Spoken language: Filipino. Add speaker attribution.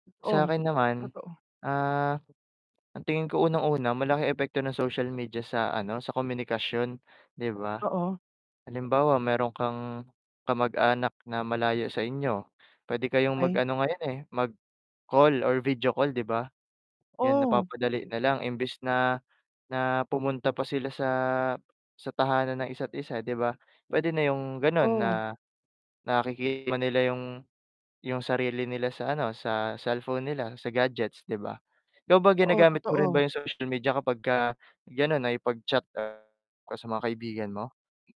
Speaker 1: Oo,
Speaker 2: Sa'kin naman,
Speaker 1: totoo.
Speaker 2: ah, ang tingin ko unang-una malaking epekto ng social media sa ano, sa komunikasyon, di ba?
Speaker 1: Oo.
Speaker 2: Halimbawa, meron kang kamag-anak na malayo sa inyo puwede kayong
Speaker 1: Okey.
Speaker 2: mag-ano ngayon, eh, mag-call or video call di ba? 'Yun
Speaker 1: Oh.
Speaker 2: napapadali nalang imbes na na pumunta pa sila sa sa tahanan ng isa't isa di ba, pwede na yung ganon
Speaker 1: Oh.
Speaker 2: na nakikita nila yung yung sarili nila sa ano, sa cellphone nila sa gadgets 'di ba. Ikaw ba
Speaker 1: Oo,
Speaker 2: ginagamit mo rin
Speaker 1: totoo.
Speaker 2: ba yung social media kapag ka ganun nakipag-chat sa mga kaibigan mo?